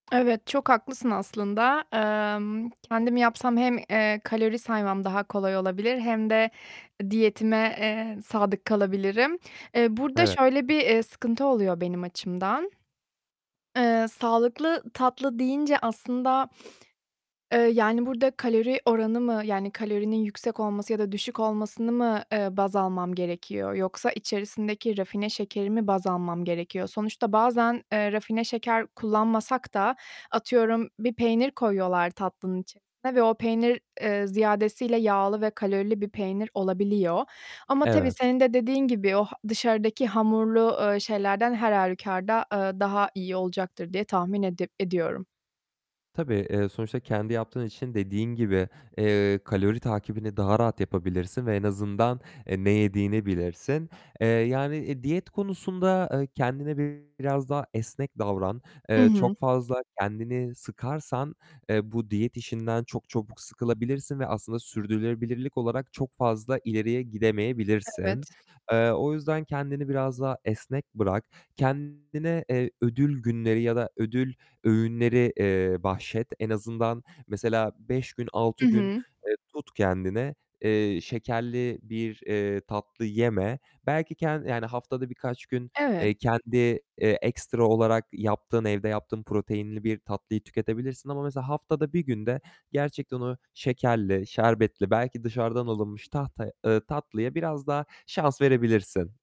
Evet, çok haklısın aslında. Emm, kendim yapsam hem, eee, kalori saymam daha kolay olabilir hem de diyetime, eee, sadık kalabilirim. Eee, burada Evet. şöyle bir, eee, sıkıntı oluyor benim açımdan. Eee, sağlıklı tatlı deyince aslında, eee, yani burada kalori oranı mı, yani, kalorinin yüksek olması ya da düşük olmasını mı, eee, baz almam gerekiyor yoksa içerisindeki rafine şekeri mi baz almam gerekiyor? Sonuçta bazen, eee, rafine şeker kullanmasak da atıyorum bir peynir koyuyorlar tatlının içerisine ve o peynir, eee, ziyadesiyle yağlı ve kalorili bir peynir olabiliyor ama tabii Evet. senin de dediğin gibi o h dışarıdaki hamurlu, eee, şeylerden her hâlükarda, eee, daha iyi olacaktır diye tahmin edip ediyorum. Tabii, eee, sonuçta kendi yaptığın için dediğin gibi, eee, kalori takibini daha rahat yapabilirsin ve en azından, e, ne yediğini bilirsin. Eee, yani, e, diyet konusunda, e, kendine biraz daha esnek davran. I Eee, hı. çok fazla kendini sıkarsan, eee, bu diyet işinden çok çabuk sıkılabilirsin ve aslında sürdürülebilirlik olarak çok fazla ileriye gidemeyebilirsin. Evet. Eee, o yüzden kendini biraz daha esnek bırak. Kendine, eee, ödül günleri ya da ödül öğünleri, eee, bahşet. En azından mesela 5 gün, 6 Hı gün, hı. eee, tut kendini, eee, şekerli bir, eee, tatlı yeme. Belki kendi yani, haftada birkaç gün, Evet. eee, kendi, eee, ekstra olarak yaptığın, evde yaptığın proteinli bir tatlıyı tüketebilirsin ama mesela haftada 1 günde gerçekten o şekerli, şerbetli, belki dışarıdan alınmış [unintelligible] tahtaya eee, tatlıya biraz daha şans verebilirsin.